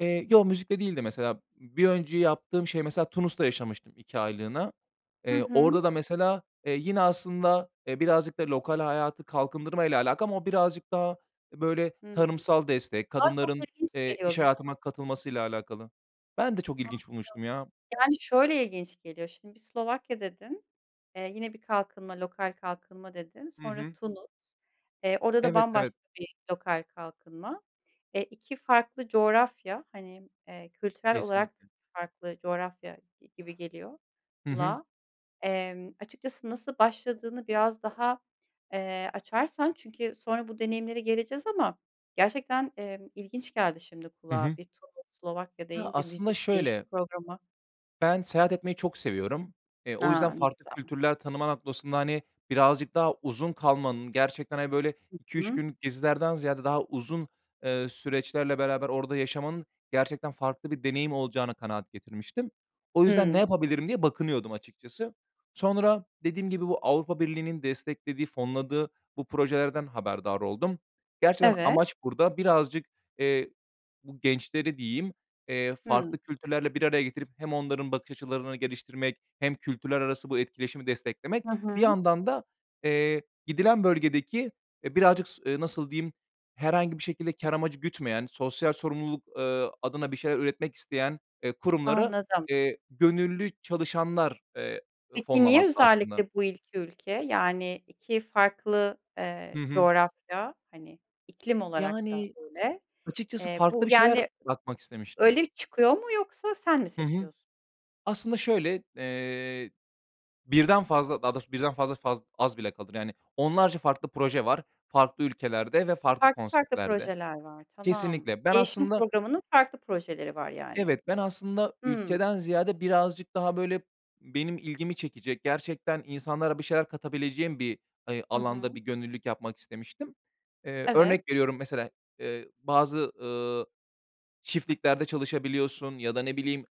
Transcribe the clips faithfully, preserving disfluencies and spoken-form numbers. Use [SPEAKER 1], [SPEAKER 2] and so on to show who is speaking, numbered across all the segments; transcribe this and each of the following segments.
[SPEAKER 1] Eee, yo, müzikle değildi, mesela. Bir önce yaptığım şey, mesela, Tunus'ta yaşamıştım iki aylığına.
[SPEAKER 2] Hı
[SPEAKER 1] Eee,
[SPEAKER 2] hı.
[SPEAKER 1] orada da, mesela, eee, yine aslında, eee, birazcık da lokal hayatı kalkındırmayla alakalı ama o birazcık daha, eee, böyle,
[SPEAKER 2] Hımm.
[SPEAKER 1] tarımsal destek,
[SPEAKER 2] Kulağa çok
[SPEAKER 1] kadınların,
[SPEAKER 2] ilginç
[SPEAKER 1] eee,
[SPEAKER 2] geliyor,
[SPEAKER 1] iş
[SPEAKER 2] biliyor
[SPEAKER 1] hayatına
[SPEAKER 2] musun?
[SPEAKER 1] katılmasıyla alakalı. Ben de çok
[SPEAKER 2] Anladım.
[SPEAKER 1] ilginç bulmuştum, ya.
[SPEAKER 2] Yani, şöyle ilginç geliyor. Şimdi bir Slovakya dedin, eee, yine bir kalkınma, lokal kalkınma dedin,
[SPEAKER 1] Hı
[SPEAKER 2] sonra
[SPEAKER 1] hı.
[SPEAKER 2] Tunus, eee, orada da
[SPEAKER 1] Evet, evet.
[SPEAKER 2] bambaşka bir lokal kalkınma. Eee, iki farklı coğrafya, hani, eee, kültürel olarak
[SPEAKER 1] Kesinlikle.
[SPEAKER 2] farklı coğrafya gi gibi geliyor
[SPEAKER 1] Hı hı.
[SPEAKER 2] kulağa. Emm, açıkçası nasıl başladığını biraz daha, eee, açarsan çünkü sonra bu deneyimlere geleceğiz ama gerçekten, emm, ilginç geldi şimdi
[SPEAKER 1] Hı
[SPEAKER 2] kulağa.
[SPEAKER 1] hı.
[SPEAKER 2] Bir Tunus, Slovakya
[SPEAKER 1] Ya,
[SPEAKER 2] deyince,
[SPEAKER 1] aslında
[SPEAKER 2] müzik değişim
[SPEAKER 1] şöyle
[SPEAKER 2] programı.
[SPEAKER 1] Ben seyahat etmeyi çok seviyorum. Eee, o yüzden
[SPEAKER 2] A! Ne
[SPEAKER 1] farklı
[SPEAKER 2] güzel.
[SPEAKER 1] kültürler tanıma noktasında, hani, birazcık daha uzun kalmanın, gerçekten, hani, böyle,
[SPEAKER 2] Hı
[SPEAKER 1] iki üç
[SPEAKER 2] hı.
[SPEAKER 1] günlük gezilerden ziyade daha uzun, eee, süreçlerle beraber orada yaşamanın gerçekten farklı bir deneyim olacağına kanaat getirmiştim. O yüzden, "Ne
[SPEAKER 2] Hımm.
[SPEAKER 1] yapabilirim?" diye bakınıyordum, açıkçası. Sonra dediğim gibi, bu Avrupa Birliği'nin desteklediği, fonladığı bu projelerden haberdar oldum. Gerçekten
[SPEAKER 2] Evet.
[SPEAKER 1] amaç burada birazcık, eee, bu gençleri, diyeyim, eee,
[SPEAKER 2] Hımm.
[SPEAKER 1] farklı kültürlerle bir araya getirip hem onların bakış açılarını geliştirmek hem kültürler arası bu etkileşimi desteklemek,
[SPEAKER 2] Hı
[SPEAKER 1] bir
[SPEAKER 2] hı.
[SPEAKER 1] yandan da, eee, gidilen bölgedeki, eee, birazcık s eee, nasıl diyeyim, herhangi bir şekilde kâr
[SPEAKER 2] [unintelligible]
[SPEAKER 1] amacı gütmeyen, sosyal sorumluluk, eee, adına bir şeyler üretmek isteyen, eee, kurumları,
[SPEAKER 2] Anladım.
[SPEAKER 1] eee, gönüllü çalışanlar, eee,
[SPEAKER 2] Peki, niye
[SPEAKER 1] fonlamakta aslında.
[SPEAKER 2] özellikle bu iki ülke? Yani, iki farklı, eee,
[SPEAKER 1] Hı hı.
[SPEAKER 2] coğrafya, hani, iklim olarak da
[SPEAKER 1] Yani,
[SPEAKER 2] öyle.
[SPEAKER 1] açıkçası
[SPEAKER 2] Eee,
[SPEAKER 1] farklı
[SPEAKER 2] bu,
[SPEAKER 1] bir şeyler
[SPEAKER 2] yani,
[SPEAKER 1] yapmak istemiştim.
[SPEAKER 2] öyle bir çıkıyor mu, yoksa sen mi
[SPEAKER 1] Hı hı.
[SPEAKER 2] seçiyorsun?
[SPEAKER 1] Aslında şöyle, eee, birden fazla, daha doğrusu birden fazla faz az bile kalır. Yani, onlarca farklı proje var farklı ülkelerde ve
[SPEAKER 2] Ha,
[SPEAKER 1] farklı
[SPEAKER 2] farklı farklı
[SPEAKER 1] konseptlerde.
[SPEAKER 2] projeler var, tamam.
[SPEAKER 1] Kesinlikle. Ben
[SPEAKER 2] Değişim
[SPEAKER 1] aslında
[SPEAKER 2] programının farklı projeleri var, yani.
[SPEAKER 1] Evet, ben aslında
[SPEAKER 2] Hımm.
[SPEAKER 1] ülkeden ziyade birazcık daha, böyle, benim ilgimi çekecek, gerçekten insanlara bir şeyler katabileceğim bir, hani,
[SPEAKER 2] Hı
[SPEAKER 1] alanda bir
[SPEAKER 2] hı.
[SPEAKER 1] gönüllülük yapmak istemiştim. Eee,
[SPEAKER 2] Evet.
[SPEAKER 1] örnek veriyorum, mesela, eee, bazı, ııı, çiftliklerde çalışabiliyorsun ya da, ne bileyim,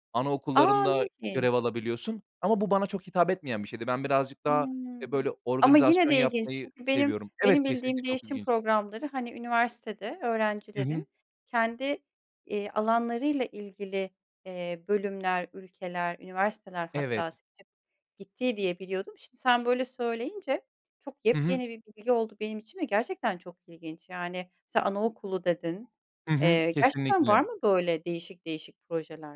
[SPEAKER 2] A, ne
[SPEAKER 1] anaokullarında
[SPEAKER 2] ilginç.
[SPEAKER 1] görev alabiliyorsun. Ama bu bana çok hitap etmeyen bir şeydi. Ben birazcık daha, eee,
[SPEAKER 2] Hımm.
[SPEAKER 1] böyle,
[SPEAKER 2] Ama yine
[SPEAKER 1] organizasyon
[SPEAKER 2] de ilginç
[SPEAKER 1] yapmayı
[SPEAKER 2] çünkü benim
[SPEAKER 1] seviyorum. Evet,
[SPEAKER 2] benim
[SPEAKER 1] kesinlikle
[SPEAKER 2] bildiğim
[SPEAKER 1] çok
[SPEAKER 2] değişim
[SPEAKER 1] ilginç.
[SPEAKER 2] programları, hani, üniversitede
[SPEAKER 1] Hı hı.
[SPEAKER 2] öğrencilerin kendi, eee, alanlarıyla ilgili, eee, bölümler, ülkeler, üniversiteler hatta
[SPEAKER 1] Evet.
[SPEAKER 2] seçip gittiği diye biliyordum. Şimdi sen böyle söyleyince çok
[SPEAKER 1] Hı hı.
[SPEAKER 2] yepyeni bir bilgi oldu benim için ve gerçekten çok ilginç, yani, sa anaokulu dedin.
[SPEAKER 1] Hı hı.
[SPEAKER 2] Eee, gerçekten var
[SPEAKER 1] Kesinlikle.
[SPEAKER 2] mı böyle değişik değişik projeler?